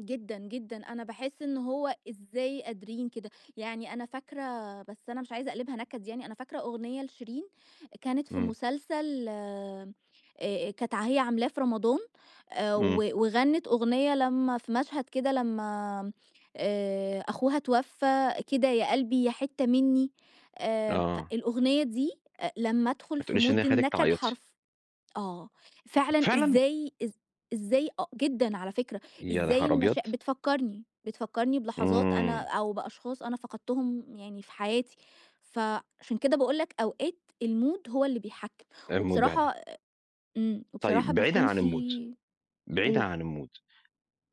جدًا، جدًا. أنا باحس إن هو إزاي قادرين كده، يعني أنا فاكرة بس أنا مش عايزة أقلبها نكد يعني، أنا فاكرة أغنية لشيرين، كانت في إمم. مسلسل آآ أ كانت ع هي عاملاه في رمضان آآ و إمم. وغنِّت أغنية لمّا في مشهد كده لمّا آآ أخوها اتوفّى، كده يا قلبي يا حتة مني، آآ آه. فالأغنية دي أ لمّا أدخل ما في تقوليش إن هي mood خلّتِك النكد تعيّطي. حرف آه، فعلًا فعلًا؟ إزاي، إز إزاي أ جدًا على فكرة، يا إزاي نهار أبيض! المشا بتفكّرني بتفكّرني بلحظات أنا إمم. أو بأشخاص أنا فقدتهم يعني في حياتي، فعشان كده باقول لك أوقات الmood هو اللي بيحكّم، إيه الموضوع ده! وبصراحة إمم، وبصراحة طيب بعيدًا بيكون عن الmood في بعيدًا قُل. عن الmood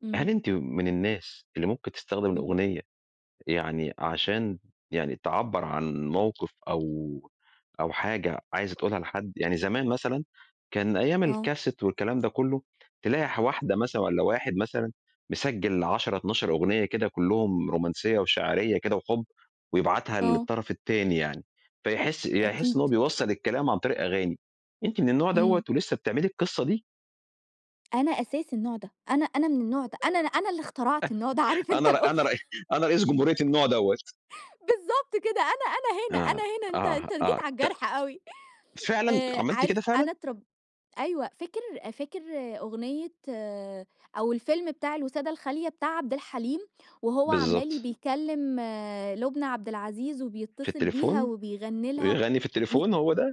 إمم. هل أنتِ من الناس اللي ممكن تستخدم إمم. الأغنية، يعني عشان يعني تعبّر عن موقف أو أو حاجة عايزة تقولها لحد يعني زمان مثلًا كان أيّام آه. الCassette والكلام ده كله تلاقي ح واحدة مثلًا والَّا واحد مثلًا مسجّل 10 12 أغنية كده، كُلُّهم رومانسية وشاعرية كده وحُب، ويبعتها آه. للطرف التاني يعني فيحس، ي يحس أكيد. إن هو بيوصّل الكلام عن طريق أغاني، أنتِ من النوع دوّة إمم. ولسه بتعملي القصة دي؟ أنا أساس النوع ده، أنا أنا من النوع ده، أنا أنا اللي اخترعت النوع ده، عارف أنت أنا ر الoption أنا ر أنا رئيس جمهورية النوع دوّة. بالضبط كده أنا أنا هنا أنا آه، هنا، أنت آه، أنت جيت آه، على ت الجرح أوي فعلًا آآ عملتِ عارف كده فعلًا؟ أنا اترب أيوه فاكر فاكر أغنية أو الفيلم بتاع الوسادة الخالية بتاع عبد الحليم وهو عمّال بالضبط. بيكَلّم لُبنى عبد العزيز، في وبيتّصل بيها، التليفون؟ وبيغني لها ويغَنّي في مي التليفون، هو ده؟